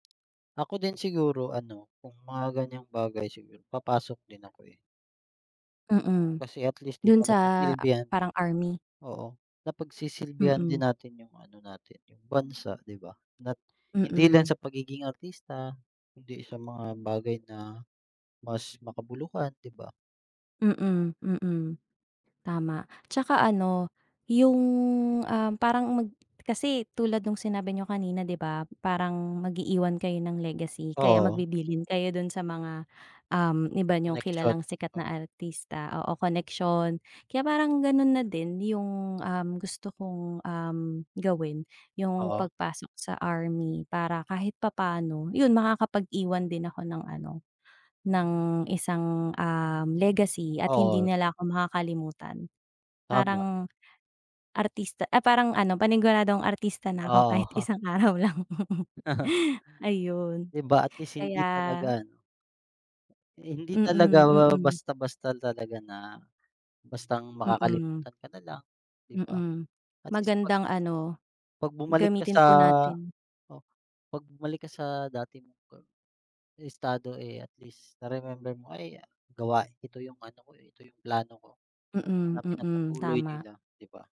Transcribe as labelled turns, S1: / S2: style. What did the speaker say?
S1: Ako din siguro ano, kung mga gan'yang bagay siguro papasok din ako, eh.
S2: Mm.
S1: Kasi at least, 'di
S2: Dun
S1: ba,
S2: sa
S1: napagsilbihan.
S2: parang army.
S1: Oo, napagsisilbihan din
S2: Mm.
S1: natin yung ano natin, yung bansa, 'di ba? Na hindi lang
S2: Mm.
S1: sa pagiging artista, kung hindi sa mga bagay na mas makabuluhan, 'di ba?
S2: Mm. Mm. Tama 'tsaka ano, yung, ah, parang mag kasi tulad nung sinabi niyo kanina, 'di ba? parang mag-iiwan kayo ng legacy kaya
S1: Oo.
S2: magbibilin kayo dun sa mga, uhm, iba niyong
S1: Koneksyon,
S2: kilalang sikat na
S1: o.
S2: artista, oo koneksyon. Kaya parang ganun na din yung, uhm, gusto kong, uhm, gawin yung
S1: Oo.
S2: pagpasok sa army para kahit papaano, 'yun makakapag-iwan din ako ng ano, ng isang, uhm, legacy at hindi
S1: Oo,
S2: nila
S1: ta
S2: ako makakalimutan.
S1: Tama.
S2: Parang artista ay parang ano panigunadong artista na ako kahit
S1: Oo.
S2: isang araw lang. Ayun.
S1: 'Di ba at least hindi
S2: Kaya.
S1: talaga 'no Hindi talaga
S2: Mm. Mm.
S1: basta-basta talaga na, bastang
S2: Mm.
S1: makakalimutan ka nalang, 'di ba?
S2: Mm.
S1: at least pag
S2: Magandang ano, gamitin po natin.
S1: pag bumalik ka sa dati mong estado, eh, at least na remember mo, ay gawa ito yung ano ko, ito yung plano ko
S2: Mm.
S1: na
S2: Mm.
S1: pinagpatuloy
S2: Tama.
S1: nila, 'di ba?